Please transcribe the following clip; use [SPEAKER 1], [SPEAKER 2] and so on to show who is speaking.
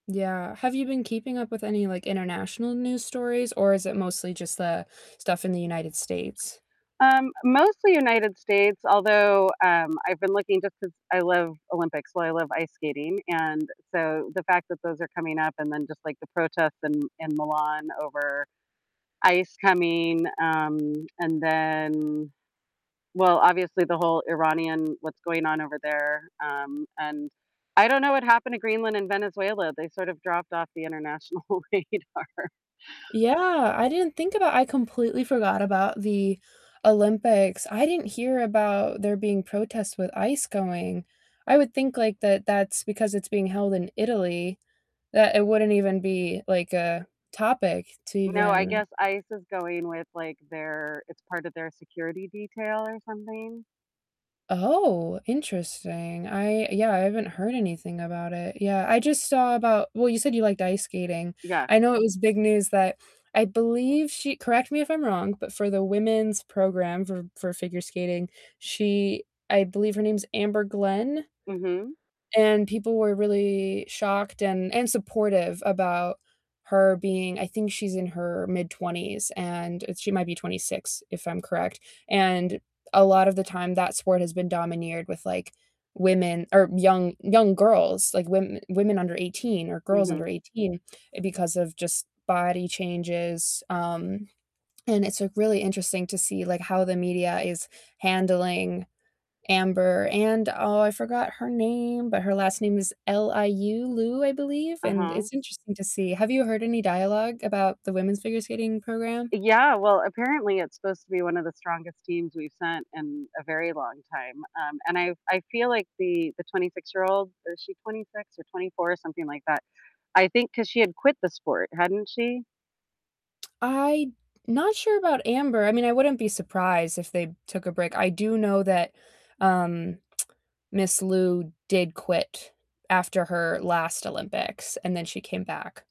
[SPEAKER 1] Yeah, have you been keeping up with any, like, international news stories, or is it mostly just the stuff in the United States?
[SPEAKER 2] Um, mostly United States, although, um, I've been looking just 'cause I love Olympics, well, I love ice skating, and, so, the fact that those are coming up, and then just, like, the protests in in Milan over ICE coming, um, and then, well, obviously the whole Iranian what's going on over there, um, and I don't know what happened to Greenland and Venezuela, they sort of dropped off the international radar.
[SPEAKER 1] Yeah, I didn't think about I completely forgot about the Olympics, I didn't hear about there being protests with ICE going. I would think, like, that that's because it's being held in Italy that it wouldn't even be, like, a topic to
[SPEAKER 2] No, I
[SPEAKER 1] even
[SPEAKER 2] guess ICE is going with, like, their it's part of their security detail or something.
[SPEAKER 1] Oh, interesting, I yeah, I haven't heard anything about it, yeah, I just saw about well, you said, you liked ice skating.
[SPEAKER 2] Yeah.
[SPEAKER 1] I know it was big news that I believe she correct me if I'm wrong, but for the women's program for for figure skating, she I believe her name's Amber Glenn.
[SPEAKER 2] Mhm.
[SPEAKER 1] And people were really shocked and and supportive about her being I think she's in her mid-20s, and she might be 26, if I'm correct, and a lot of the time, that sport has been domineered with, like, women or young, young girls, like, women women under 18 or girls under
[SPEAKER 2] Mhm.
[SPEAKER 1] 18 because of just body changes, um, and it's, like, really interesting to see, like, how the media is handling Amber and oh, I forgot her name, but her last name is L-I-U, Liu, I believe, and
[SPEAKER 2] Uh-huh.
[SPEAKER 1] it's interesting to see. Have you heard any dialogue about the women's figure skating program?
[SPEAKER 2] Yeah, well, apparently it's supposed to be one of the strongest teams we've sent in a very long time. Um, and I I feel like the the twenty-six-year-old is she 26 or 24? Something like that, I think 'cause she had quit the sport, hadn't she?
[SPEAKER 1] I not sure about Amber, I mean, I wouldn't be surprised if they took a break. I do know that, um, Miss Liu did quit after her last Olympics, and then she came back.